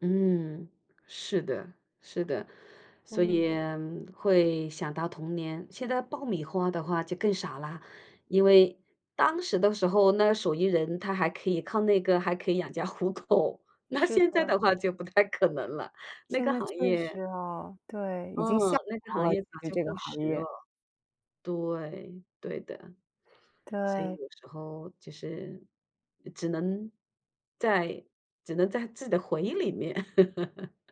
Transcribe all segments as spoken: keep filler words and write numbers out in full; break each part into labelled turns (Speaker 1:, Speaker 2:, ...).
Speaker 1: 嗯，是的，是的。所
Speaker 2: 嗯。
Speaker 1: 以会想到童年，现在爆米花的话就更少啦，因为当时的时候，那手艺人他还可以靠那个还可以养家糊口，那
Speaker 2: 是
Speaker 1: 现在
Speaker 2: 的。
Speaker 1: 的话就不太可能了，那
Speaker 2: 现
Speaker 1: 个
Speaker 2: 在
Speaker 1: 行
Speaker 2: 确
Speaker 1: 业
Speaker 2: 实啊，对，已经
Speaker 1: 嗯，
Speaker 2: 下
Speaker 1: 那个行
Speaker 2: 滑了，
Speaker 1: 业早
Speaker 2: 就是
Speaker 1: 就
Speaker 2: 这个
Speaker 1: 过时
Speaker 2: 行
Speaker 1: 了。
Speaker 2: 业。
Speaker 1: 对，对的。所以
Speaker 2: 对。
Speaker 1: 有时候就是，呃，只能在只能在自己的回忆里面。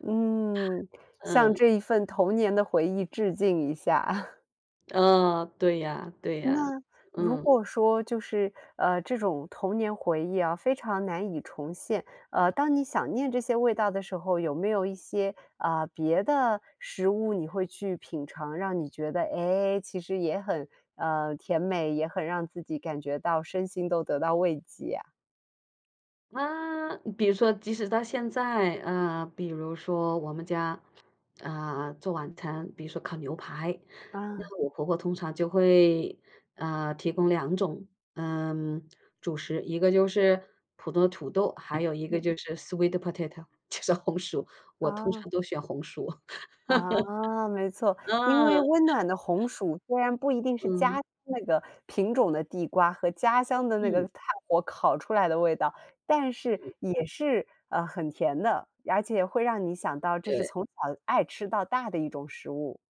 Speaker 2: 嗯，向
Speaker 1: 嗯。
Speaker 2: 这一份童年的回忆致敬一下啊。
Speaker 1: 嗯，对呀对呀，
Speaker 2: 那，如
Speaker 1: 嗯。
Speaker 2: 果说就是，呃，这种童年回忆啊，非常难以重现，呃，当你想念这些味道的时候，有没有一些，啊，别的食物你会去品尝，让你觉得，哎，其实也很呃，甜美，也很让自己感觉到身心都得到慰藉呀？
Speaker 1: 啊，比如说即使到现在，啊，比如说我们家，啊，做晚餐，比如说烤牛排，
Speaker 2: 嗯。
Speaker 1: 那我婆婆通常就会，啊，提供两种，嗯，主食。一个就是普通的土豆，还有一个
Speaker 2: 嗯。
Speaker 1: 就是 sweet potato，就是红薯，我通
Speaker 2: 哦。
Speaker 1: 常都选红薯。
Speaker 2: 啊，没 错，因为
Speaker 1: 嗯。
Speaker 2: 温暖的红薯虽然不一定是家
Speaker 1: 嗯。
Speaker 2: 乡那个品种的地瓜和家乡的那个
Speaker 1: 嗯。
Speaker 2: 炭火烤出来的味道，但是
Speaker 1: 嗯。
Speaker 2: 也是，呃，很甜的，而且会让你想到这是
Speaker 1: 对。
Speaker 2: 从小爱吃到大的一种食物。